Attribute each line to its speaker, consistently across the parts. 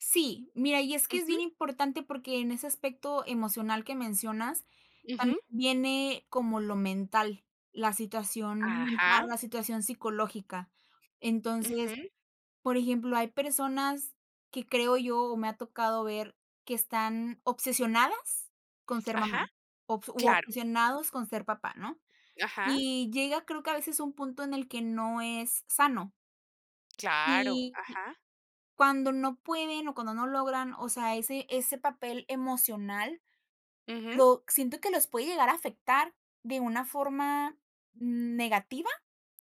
Speaker 1: Sí, mira, y es que es
Speaker 2: Ujú.
Speaker 1: bien importante porque en ese aspecto emocional que mencionas tam
Speaker 2: Ujú.
Speaker 1: viene como lo mental, la situación mental,
Speaker 2: Ajá.
Speaker 1: la situación psicológica. Entonces,
Speaker 2: Ujú.
Speaker 1: por ejemplo, hay personas que creo yo, o me ha tocado ver, que están obsesionadas con ser mamá,
Speaker 2: Ajá,
Speaker 1: obs u
Speaker 2: claro.
Speaker 1: obsesionados con ser papá, ¿no?
Speaker 2: Ajá.
Speaker 1: Y llega, creo que a veces un punto en el que no es sano.
Speaker 2: Claro,
Speaker 1: Y y
Speaker 2: ajá.
Speaker 1: cuando no pueden, o cuando no logran, o sea, ese ese papel emocional,
Speaker 2: Ujú.
Speaker 1: lo siento que los puede llegar a afectar de una forma negativa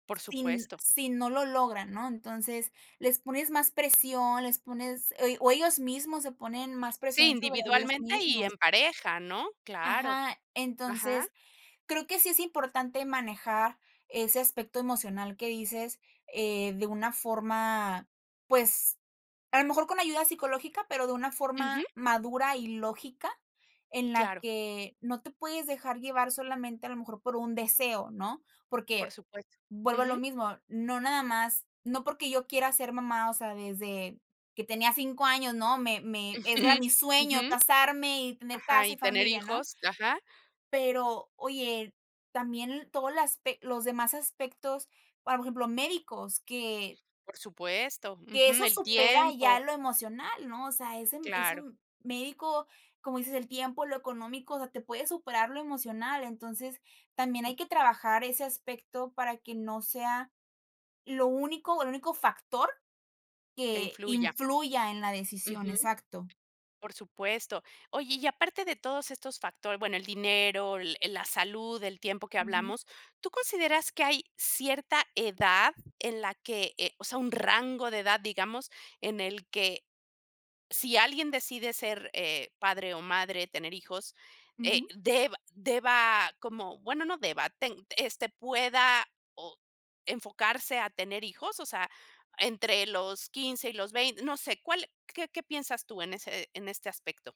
Speaker 2: Por
Speaker 1: sin
Speaker 2: supuesto.
Speaker 1: si no lo logran, ¿no? Entonces, les pones más presión, les pones ell o ellos mismos se ponen más
Speaker 2: Sí,
Speaker 1: presión sobre ellos
Speaker 2: individualmente, y
Speaker 1: mismos.
Speaker 2: en pareja, ¿no? Claro.
Speaker 1: Ajá.
Speaker 2: Ajá.
Speaker 1: Entonces, creo que sí es importante manejar ese aspecto emocional que dices, eh, de una forma, pues, a lo mejor con ayuda psicológica, pero de una
Speaker 2: Ujú.
Speaker 1: forma madura y lógica, en la
Speaker 2: Claro.
Speaker 1: que no te puedes dejar llevar solamente, a lo mejor, por un deseo, ¿no?
Speaker 2: Por
Speaker 1: Porque,
Speaker 2: supuesto.
Speaker 1: vuelvo a lo
Speaker 2: Ujú.
Speaker 1: mismo, no nada más no porque yo quiera ser mamá, o sea, desde que tenía 5 años, ¿no?, me me ese era
Speaker 2: Ujú,
Speaker 1: mi sueño,
Speaker 2: ujú,
Speaker 1: casarme y tener
Speaker 2: ajá,
Speaker 1: casa,
Speaker 2: y
Speaker 1: y
Speaker 2: tener
Speaker 1: familia, ¿no?
Speaker 2: hijos. Ajá.
Speaker 1: Pero, oye, también todo las pec los demás aspectos, ahora por ejemplo, médicos, que
Speaker 2: Por supuesto,
Speaker 1: que
Speaker 2: ujú,
Speaker 1: eso
Speaker 2: el
Speaker 1: supera
Speaker 2: tiempo.
Speaker 1: ya lo emocional, ¿no? O sea, ese
Speaker 2: Claro.
Speaker 1: m médico como dices, el tiempo, lo económico, o sea, te puede superar lo emocional, entonces también hay que trabajar ese aspecto para que no sea lo único el único factor
Speaker 2: Que
Speaker 1: que
Speaker 2: influya.
Speaker 1: influya en la decisión.
Speaker 2: Ujú.
Speaker 1: Exacto.
Speaker 2: Por supuesto. Oye, y aparte de todos estos factor bueno, el dinero, l eh, la salud, el tiempo que
Speaker 1: Ujú.
Speaker 2: hablamos, ¿tú consideras que hay cierta edad en la que eh, o sea, un rango de edad, digamos, en el que si alguien decide ser, eh, padre o madre, tener hijos, eh,
Speaker 1: Ujú.
Speaker 2: deba deba como? Bueno, no deba ten este, ¿pueda, ah, o enfocarse a tener hijos, o sea, entre los 15 y los vein? No sé, ¿cuál qué qué piensas tú en ese en este aspecto?